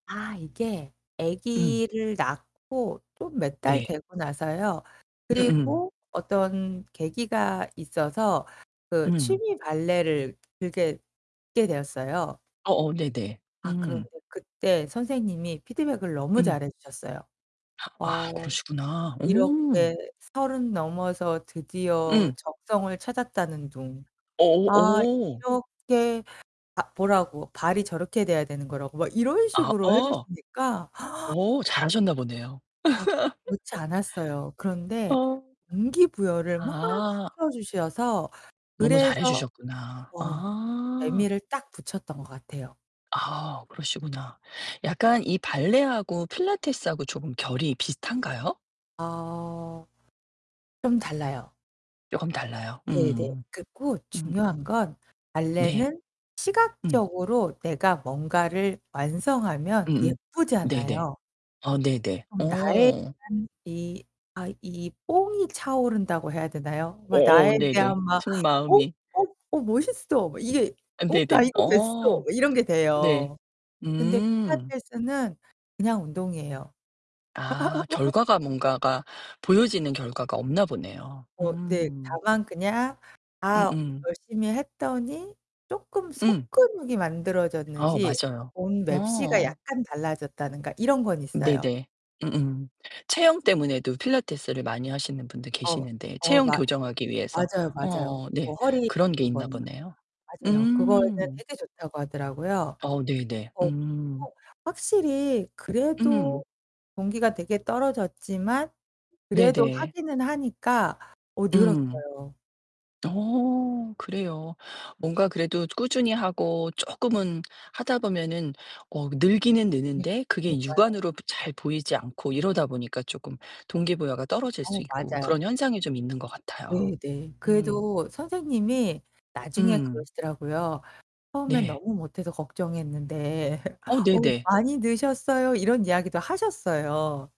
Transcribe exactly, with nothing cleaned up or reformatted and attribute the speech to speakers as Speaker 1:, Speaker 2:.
Speaker 1: 아, 이게
Speaker 2: 음.
Speaker 1: 아기를 낳고 또 몇 달
Speaker 2: 네.
Speaker 1: 되고 나서요.
Speaker 2: 음음.
Speaker 1: 그리고 어떤 계기가 있어서 그
Speaker 2: 음.
Speaker 1: 취미 발레를 그렇게 하게 되었어요.
Speaker 2: 어어, 네네.
Speaker 1: 아,
Speaker 2: 음.
Speaker 1: 그런데 그때 선생님이 피드백을 너무
Speaker 2: 음.
Speaker 1: 잘해 주셨어요.
Speaker 2: 아,
Speaker 1: 어
Speaker 2: 그러시구나. 오.
Speaker 1: 이렇게 서른 넘어서 드디어
Speaker 2: 음.
Speaker 1: 적성을 찾았다는 둥. 아,
Speaker 2: 오오. 오.
Speaker 1: 이렇게 아, 보라고 발이 저렇게 돼야 되는 거라고 막 이런
Speaker 2: 아
Speaker 1: 식으로 해
Speaker 2: 어
Speaker 1: 주시니까
Speaker 2: 오. 잘하셨나 보네요.
Speaker 1: 막 그렇지 않았어요. 그런데
Speaker 2: 어.
Speaker 1: 동기 부여를 막
Speaker 2: 아.
Speaker 1: 시켜 주셔서
Speaker 2: 너무 잘해
Speaker 1: 그래서
Speaker 2: 주셨구나.
Speaker 1: 어,
Speaker 2: 아.
Speaker 1: 재미를 딱 붙였던 것 같아요.
Speaker 2: 아, 그러시구나. 약간 이 발레하고 필라테스하고 조금 결이 비슷한가요?
Speaker 1: 아. 좀 달라요.
Speaker 2: 쪼금 달라요.
Speaker 1: 네네.
Speaker 2: 음.
Speaker 1: 그리고
Speaker 2: 음.
Speaker 1: 중요한 건
Speaker 2: 네.
Speaker 1: 발레는
Speaker 2: 음.
Speaker 1: 시각적으로 내가 뭔가를 완성하면
Speaker 2: 음음 네네.
Speaker 1: 예쁘잖아요.
Speaker 2: 아, 네네.
Speaker 1: 그럼 나에
Speaker 2: 오.
Speaker 1: 대한 이 아 이 뽕이 차오른다고 해야 되나요? 막 나에
Speaker 2: 어어 네네.
Speaker 1: 대한 막 "어,
Speaker 2: 속마음이.
Speaker 1: 어, 어, 멋있어!" 이게
Speaker 2: 어,
Speaker 1: 어 "나
Speaker 2: 네네.
Speaker 1: 이거 됐어."
Speaker 2: 어.
Speaker 1: 막 이런 게
Speaker 2: 네.
Speaker 1: 돼요. 근데
Speaker 2: 음.
Speaker 1: 필라테스는 그냥 운동이에요.
Speaker 2: 아 결과가 뭔가가 보여지는 결과가 없나 보네요.
Speaker 1: 어 네.
Speaker 2: 음.
Speaker 1: 다만 그냥 아,
Speaker 2: 음음.
Speaker 1: 열심히 했더니 쪼끔
Speaker 2: 음.
Speaker 1: 속근육이
Speaker 2: 아우
Speaker 1: 만들어졌는지
Speaker 2: 맞아요.
Speaker 1: 옷맵시가
Speaker 2: 어.
Speaker 1: 약간 달라졌다든가 이런 건 있어요.
Speaker 2: 네네. 음음. 체형 때문에도 필라테스를 많이 하시는 분들
Speaker 1: 어.
Speaker 2: 계시는데,
Speaker 1: 어
Speaker 2: 체형
Speaker 1: 맞
Speaker 2: 교정하기 위해서.
Speaker 1: 맞아요 맞아요.
Speaker 2: 어.
Speaker 1: 뭐
Speaker 2: 네.
Speaker 1: 허리
Speaker 2: 그런 게 있나
Speaker 1: 그거는.
Speaker 2: 보네요.
Speaker 1: 맞아요. 그거는
Speaker 2: 음.
Speaker 1: 되게 좋다고 하더라고요.
Speaker 2: 어, 네네.
Speaker 1: 어,
Speaker 2: 음.
Speaker 1: 그리고 확실히
Speaker 2: 음.
Speaker 1: 그래도 동기가 되게 떨어졌지만 그래도
Speaker 2: 네네.
Speaker 1: 하기는 하니까 어,
Speaker 2: 음.
Speaker 1: 늘었어요.
Speaker 2: 어 그래요. 뭔가 그래도 이제 꾸준히 하고 쪼끔은 하다 보면은 어 늘기는
Speaker 1: 그니
Speaker 2: 느는데 그게
Speaker 1: 그니까요.
Speaker 2: 육안으로도 잘 보이지 않고 이러다 보니까 쪼끔 동기 부여가 떨어질
Speaker 1: 어,
Speaker 2: 수 있고
Speaker 1: 맞아요.
Speaker 2: 그런 현상이 좀 있는 것 같아요.
Speaker 1: 네네.
Speaker 2: 음.
Speaker 1: 그래도 선생님이 나중에
Speaker 2: 음.
Speaker 1: 그러시더라고요. "처음엔
Speaker 2: 네.
Speaker 1: 너무 못해서 걱정했는데
Speaker 2: 어
Speaker 1: 어우
Speaker 2: 네네.
Speaker 1: 많이 느셨어요." 이런 이야기도 하셨어요.